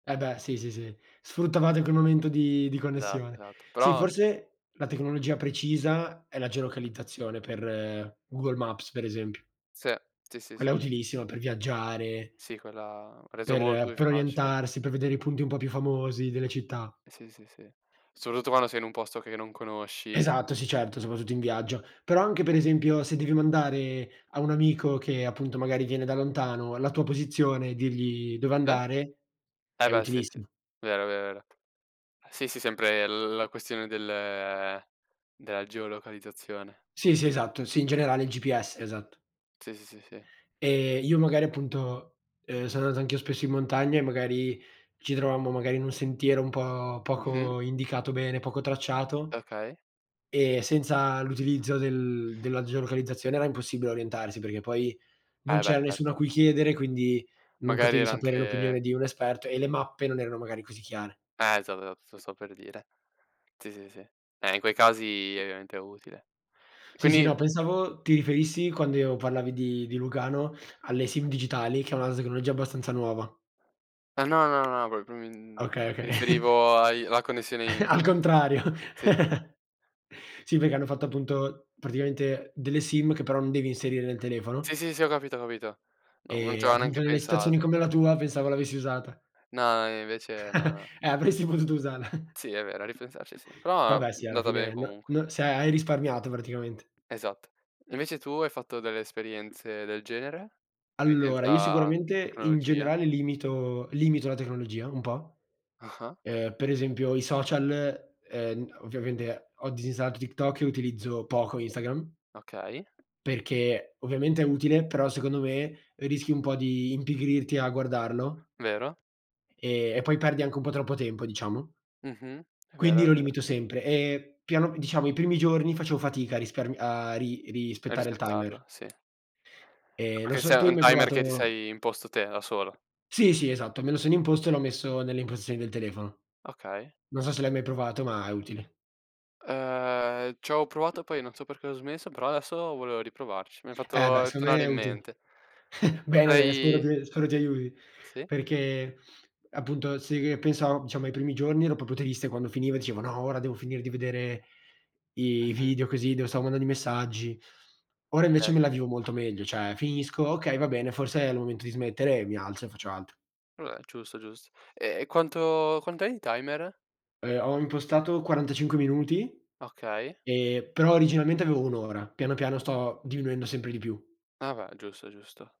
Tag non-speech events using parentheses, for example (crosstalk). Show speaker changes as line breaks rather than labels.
E beh, sì, sì, sì, sfruttavate quel momento di di
Esatto,
connessione.
esatto
Sì
però c'è
forse la tecnologia precisa è la geolocalizzazione per, Google Maps, per esempio.
Se, sì, sì,
Quella è
sì.
utilissima per viaggiare
Sì quella ha reso molto
per
più
per
facile.
orientarsi, per vedere i punti un po' più famosi delle città.
Sì, sì, sì, soprattutto quando sei in un posto che non conosci.
Esatto, sì certo, soprattutto in viaggio. Però, anche per
U
esempio, se devi mandare, a un amico che appunto magari viene da lontano, la tua posizione e dirgli dove
Eh?
andare,
Eh
è
beh, sì, sì,
utilissimo.
vero, vero, vero. Sì, sì sempre l la questione del della geolocalizzazione.
Sì, sì esatto, sì in generale il GPS, esatto.
Sì, sì, sì, sì.
Ehm, io magari appunto, ehm, sono andato anch'io spesso in montagna, e magari ci trovammo magari in un sentiero un po'
Mh-mh.
poco indicato bene, poco tracciato,
Okay.
e senza l'utilizzo del della geolocalizzazione era impossibile orientarsi, perché poi non
Eh, beh
c'era nessuno a
certo.
cui chiedere, quindi non
Magari
potevi
era
sapere
anche
l'opinione di un esperto, e le mappe non erano magari così chiare.
Eh, esa (unintelligible) lo stavo per dire. Sì, sì, sì. Eh, in quei casi ovviamente è utile. E
Sì, sì
quindi
no, pensavo, ti riferissi quando io parlavi di di Lugano, alle Sim digitali che è una tecnologia abbastanza nuova.
Eh no, no, no, no (unintelligible)
Okay, oka (chuckles)
riferivo ai alla connessione
(chuckles) Al
interne
contrario.
sì, sì.
(chuckles) Sì, perché hanno fatto appunto, praticamente, delle Sim che però non devi inserire nel
Sì,
telefono.
sì, sì, ho capito, ho capito. Non non
E
c' avo
appunto,
neanche
nelle situazioni
pensato.
come la tua pensavo l'avessi usata.
No, e invece
(chuckles)
no.
Eh, avresti potuto usarla.
Sì è vero, a ripensarci sì, però
Vabbè sì, alla
andata bene
fine, no
comunque.
no se hai risparmiato praticamente.
Esatto. Invece tu, hai fatto delle esperienze del genere? (unintelligible)
Allora, io
senza
sicuramente, in
tecnologia?
generale, limito limito la tecnologia un po'.
Ah-ah.
Ehm, per esempio i social, ehm, ovviamente ho disinstallato TikTok e utilizzo poco Instagram
Okay.
perché, ovviamente è utile, però secondo me, rischi un po' di impigrirti a guardarlo
Vero.
e e poi perdi anche un po' troppo tempo diciamo.
Mh-mh è vero,
Quindi lo
è vero.
limito sempre, e piano diciamo i primi giorni facevo fatica a rispar a ri
E
rispettare il timer.
rispettarlo, sì.
Ehm, non
Perché
so, tu
sei
hai
un
mai
timer che ti
provato
sei imposto te, da solo.
Sì, sì esatto, me lo sono imposto, e l'ho messo nelle impostazioni del telefono.
Okay.
Non so se l'hai mai provato, ma è utile.
Uhm, c'avo provato poi, non so perché ho smesso, però adesso volevo riprovarci, mi hai
Eh beh,
fatto
secondo me
tornare
è
in
utile.
mente.
(chuckles) Bene, bene, spero
Potrei
ti spero ti aiuti.
Sì.
Perché, appunto se che pensavo, diciamo, ai primi giorni ero proprio triste quando finiva, e dicevo: "No, ora devo finire di vedere i i
Mh-mh.
video così, devo stavo mandando i messaggi." Ora invece
Okay,
me la
okay.
vivo molto meglio, cioè, finisco: "Okay va bene, forse è il momento di smettere;" mi alzo e faccio altro.
Vabbè, giusto, giusto. E e quanto quant'è in timer?
Ehm, ho impostato 45 minuti,
Okay.
e però originalmente avevo 1 ora, piano piano sto diminuendo sempre di più.
Ah beh, giusto, giusto.